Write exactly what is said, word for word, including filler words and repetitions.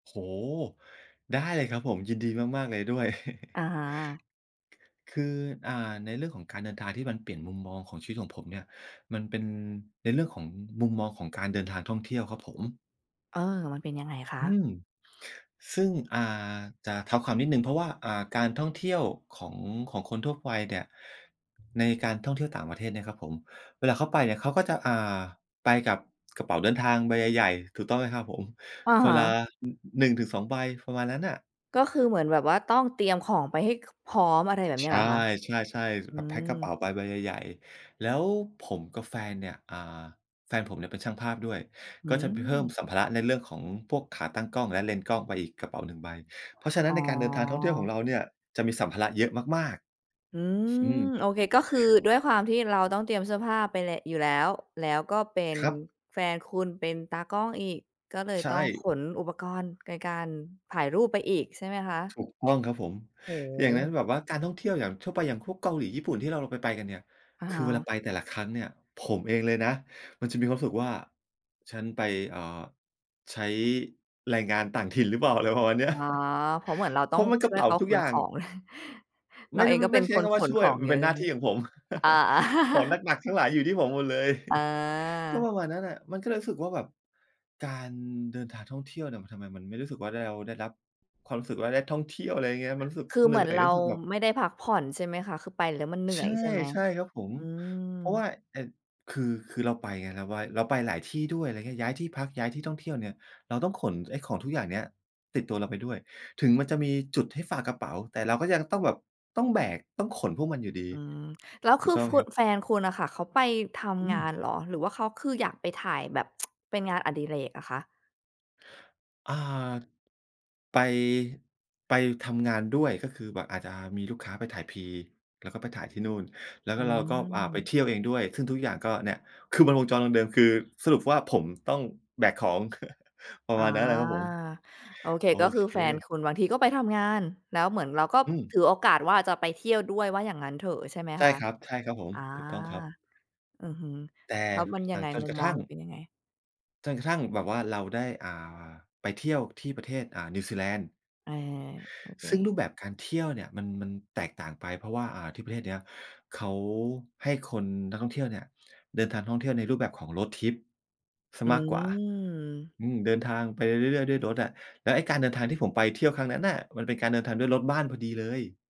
โอ้โฮ! ได้เลยครับผม ยินดีมาก ๆ เลยด้วย อา คือ อ่า ในเรื่องของการเดินทางที่มันเปลี่ยนมุมมองของชีวิตของผมเนี่ย มันเป็นในเรื่องของมุมมองของการเดินทางท่องเที่ยวครับผม เอ่อ มันเป็นยังไงคอืะ? ม ซึ่ง อ่า จะเท้าความนิดหนึ่ง เพราะว่า อ่า การท่องเที่ยวของ ของคนทั่วไปเนี่ย ในการท่องเที่ยวต่างประเทศเนี่ยนะครับผม เวลาเขาไปเนี่ย เขาก็จะ อ่า ไปกับกระเป๋าเดินทางใบใหญ่ ๆ ถูกต้องไหมครับผม อะคฮนละ ะ น หนึ่งถึงสอง ใบ ประมาณนั้นน่ะ ก็คือเหมือนแบบว่าต้องเตรียมของไปให้ ค พร้อม อะไรแบบนีใช้เห่ รอคะ? ใช่ อๆ ืแบบแพ็กกระเป๋าม ไปใบใหญ่ ๆ แล้วผมกับแฟนเนี่ย อ่า แฟนผมเนี่ยเป็นช่างภาพด้วย อืก็จะไปเพิ่มม สัมภาระในเรื่องของพวกขาตั้งกล้อง และเลนส์กล้องไปอีกกระเป๋า หนึ่ง ใบ เพราะฉะนั้อ๋น ในการเดินทางท่องเที่ยวขอ องเราเนี่ย จะมีสัมภาระเยอะมาก ๆ อือม ืม โอเค ก็คือด้วยความที่เราต้องเตรียมเสื้อผ้าไปเล อยู่แล้ว แล้วก็เป็นครับ แฟนคุณเป็นตากล้องอีก ก็เลยใชต้องข่ นอุปกรณ์ในการถ่ายรูปไปอีกใช่ไหมคะ? ถูกต้องครับผม โอ้โอย่างนั้นฮ แบบว่าการท่องเที่ยวอย่างทั่วไป อย่างพวกเกาหลี ญี่ปุ่นที่เราไป ไปกันเนี่ย อะคฮือเวละ าไปแต่ละครั้งเนี่ย ผมเองเลยนะ มันจะมีความรู้สึกว่า ฉันไป อ่า ใช้แรงงานต่างถิ่นหรือเปล่า อะไรประมาณเนีอ้๋ย อ เพราะเหมือนเราเตพ้อรางะมันกชร่ะวเยป๋เาขาทุขกอนย่ขาง อง เไรมา่ เด องก็เไปม็่ไนด้ใชค้นคขำว่านช่ขวย องมัเยนอเปะ็นใชหน่้ไาหม? ที่ของผม อา ๆ ของหนัก ๆ ทั้งหลายอยู่ที่ผมหมดเลย อก็า ประมาณนั้นน่ะ มันก็เลยรู้สึกว่าแบบการเดินทางท่องเที่ยวเนี่ย มันทำไมมันไม่รู้สึกว่า ด เราได้รับความรู้สึกว่า ได้ท่องเที่ยว อะไรอย่างเงี้ย มันรู้สึกคือเหเนหืม่ือนอย เรรูา้สึกแบบ ไม่ได้พักผ่อนใช่ไหมคะ? คือไปแล้วมันเหนื่ใชอ่ ยใช่ไหม? ใช่ครับผม อืเพราะว่ม า ไอ้ คือ คือเราไปไง ล ว่า เราไปหลายที่ด้วย อะไรเงี้ย ย้ายที่พัก ย้ายที่ท่องเที่ยวเนี่ย เราต้องขนไอ้ของทุกอย่างเนี้ยติดตัวเราไปด้วย ถึงมันจะมีจุดให้ฝากกระเป๋า แต่เราก็ยังต้องแบบ ต้องแบก ต้องขนพวกมันอยู่ดี อืม แล้วถคูืกอ ต้องคไหมุ ครับ? แฟนคุณน่ะค่ะ เขาไปทอืำงานม เหรอ หรือว่าเขาคืออยากไปถ่ายแบบ เป็นงานอดิเรกอะคะ? อ่า ไป ไปทำงานด้วย ก็คือแบบอาจจะมีลูกค้าไปถ่าย Pre แล้วก็ไปถ่ายที่นู่น แล้วอกื็เราก็ อ่า ไปม เที่ยวเองด้วย ซึ่งทุกอย่างก็เนี่ย คือมันวงจรเดิม ๆ คือสรุปว่าผมต้องแบกของ ประอ๋อ มาณนั้นน่ะครับผม โอเค โอก็คืเค อแฟนคุณบางทีก็ไปทำงาน แล้วเหมือนเราก็อืม ถือโอกาสว่าจะไปเที่ยวด้วย ว่าอย่างงั้นเถอะ ใช่ไหมใชค่ะ? ครับ ใช่ครับผม อ่า ถูกต้องครับ อือฮึ แต่แล้วมันยหลัังไงง? จนมุกมระมทองั่เง ราเป็นยังไง? จนกระทั่งแบบว่าเราได้ อ่า ไปเที่ยวที่ประเทศ อ่า นิวซีแลนด์ เออ โอเค ซึ่งรูปแบบการเที่ยวเนี่ย มัน มันแตกต่างไปเพราะว่า อ่า ที่ประเทศเนี้ย เขาให้คนนักท่องเที่ยวเนี่ย เดินทางท่องเที่ยวในรูปแบบของ Road Trip เสีอยืมากกว่า ม อืม เดินทางไปเรื่อย ๆ ด้วยรถอะ แล้วไอ้การเดินทางที่ผมไปเที่ยวครั้งนั้นน่ะ มันเป็นการเดินทางด้วยรถบ้านพอดีเลย